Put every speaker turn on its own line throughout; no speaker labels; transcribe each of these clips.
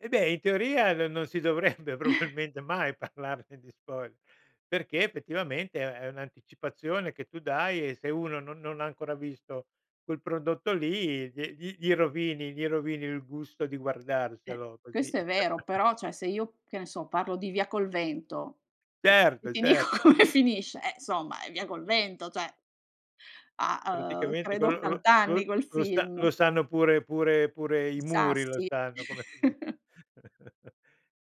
Eh beh, in teoria no non si dovrebbe probabilmente mai parlarne di spoiler, perché effettivamente è un'anticipazione che tu dai e se uno no non ha ancora visto quel prodotto lì, gli gli gli rovini gli rovini il gusto di
Beh,
guardarselo così.
questo è vero però, cioè, se io che ne so parlo di Via col vento e e
Certo,
ti dico
certo.
come finisce, eh, insomma è Via col vento, cioè. Ha, uhm
Praticamente
credo
quello lo
80 anni
lo
quel
lo sa
film.
lo sanno pure pure pure i
I
muri lo
sassi.
sanno, come fini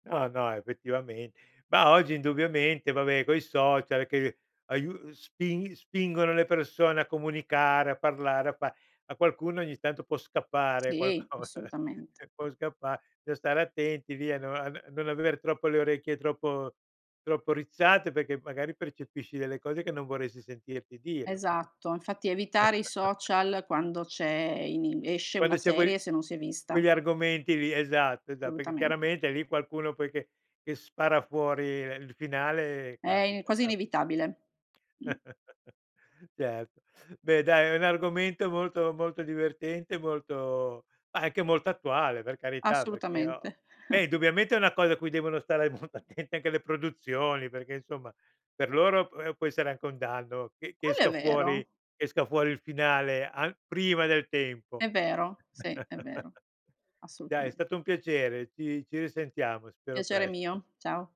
No, no, effettivamen Mah, oggi indubbiamente, va beh coi social, che aiu uhm, spin spingono le persone a comunicare, a parlare, a fa. A qualcuno ogni tanto può scappare
Sì,
qualcosa,
assolutamente.
può scappa lo stare attenti, via, no av non aver troppo le orecchie troppo troppo rizzate perché magari percepisci delle cose, che non vorresti sentirti dire.
Esatto, infatti evitare i social quando c'è ehm, inim esce
Quando
una
c'è quei lì
serie, se non si è vista.
quegli argomenti lì, esatto, esa perché
Assolutamente.
chiaramente lì qualcuno poi che che spara fuori, ehm, il finale
È i
capita,
quasi
capita.
inevitabile. Mh.
Certo. Beh dai è un argomento molto molto divertente, molto anche molto attuale, per carità perché ho
Assolutamente.
beh indubbiamente è una cosa a cui devono stare molto attente anche le produzioni, perché insomma per loro p ehm, può essere anche un danno che che
Quello è
esca fuori
vero.
che esca fuori il finale a prima del tempo.
È vero, sì, è vero,
Dai è
assolutamen
stato un piacere, ci ci risentiamo, spero
Piacere
presto.
mio, ciao.